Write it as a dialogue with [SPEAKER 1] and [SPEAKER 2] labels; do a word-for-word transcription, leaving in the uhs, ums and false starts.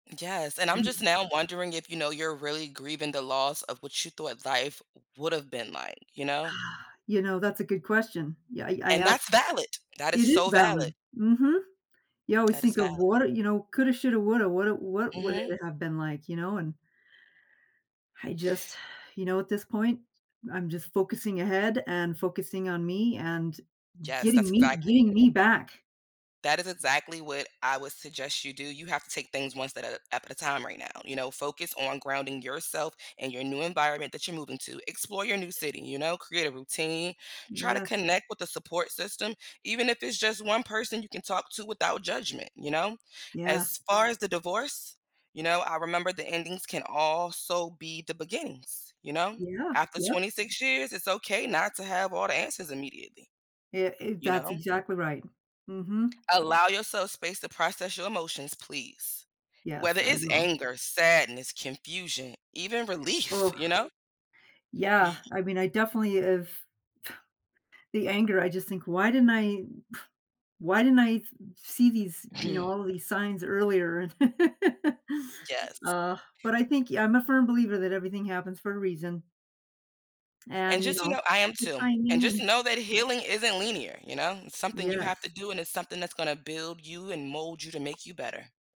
[SPEAKER 1] Yes, and I'm just
[SPEAKER 2] Mhm.
[SPEAKER 1] now wondering if, you know, you're really grieving the loss of what you thought life would’ve been like. You know?
[SPEAKER 2] You know, that's a good question. Yeah, i I
[SPEAKER 1] And
[SPEAKER 2] a
[SPEAKER 1] that's valid. That is
[SPEAKER 2] It is
[SPEAKER 1] so valid.
[SPEAKER 2] valid. Mhm. You always
[SPEAKER 1] That is
[SPEAKER 2] think of
[SPEAKER 1] valid.
[SPEAKER 2] what i you know, coulda, shoulda, woulda woulda What would
[SPEAKER 1] Mhm.
[SPEAKER 2] it have been like, you know? And I just, you know, at this point, I'm just focusing ahead and focusing on me and
[SPEAKER 1] Yes, that's
[SPEAKER 2] getting me
[SPEAKER 1] exactly
[SPEAKER 2] getting me back.
[SPEAKER 1] that is exactly what I would suggest you do, you have to take things one step up at a at a time right now, you know? Focus on grounding yourself and your new environment that you're moving to. Explore your new city, you know? Create a routine. Try to
[SPEAKER 2] Yes.
[SPEAKER 1] connect with the support system even if it's just one person you can talk to without judgment, you know?
[SPEAKER 2] Yes.
[SPEAKER 1] As far as the divorce, you know, I remember the endings can also be the beginnings, you know?
[SPEAKER 2] Yeah.
[SPEAKER 1] After
[SPEAKER 2] Yep.
[SPEAKER 1] twenty-six years, it's okay not to have all the answers immediately,
[SPEAKER 2] Ye i
[SPEAKER 1] you
[SPEAKER 2] That's
[SPEAKER 1] know?
[SPEAKER 2] exactly right. Mhm.
[SPEAKER 1] Allow yourself space to process your emotions, please.
[SPEAKER 2] Yes.
[SPEAKER 1] Whether
[SPEAKER 2] I
[SPEAKER 1] it's
[SPEAKER 2] will.
[SPEAKER 1] anger, sadness, confusion, even relief,
[SPEAKER 2] Ugh.
[SPEAKER 1] you know?
[SPEAKER 2] Yeah,
[SPEAKER 1] Ye
[SPEAKER 2] I mean, I definitely have the anger, I just think, "Why didn't I why didn't I f see these, you know, all of these signs earlier?
[SPEAKER 1] Yes.
[SPEAKER 2] Aw, but I think y I'm a firm believer that everything happens for a reason.
[SPEAKER 1] And
[SPEAKER 2] And, you
[SPEAKER 1] just, you
[SPEAKER 2] know,
[SPEAKER 1] know, I am
[SPEAKER 2] the
[SPEAKER 1] too. And
[SPEAKER 2] timing
[SPEAKER 1] just
[SPEAKER 2] and
[SPEAKER 1] know that healing isn't linear, you know? It's something you have to
[SPEAKER 2] Yes.
[SPEAKER 1] do, and it's something that's gonna build you and mold you to make you better.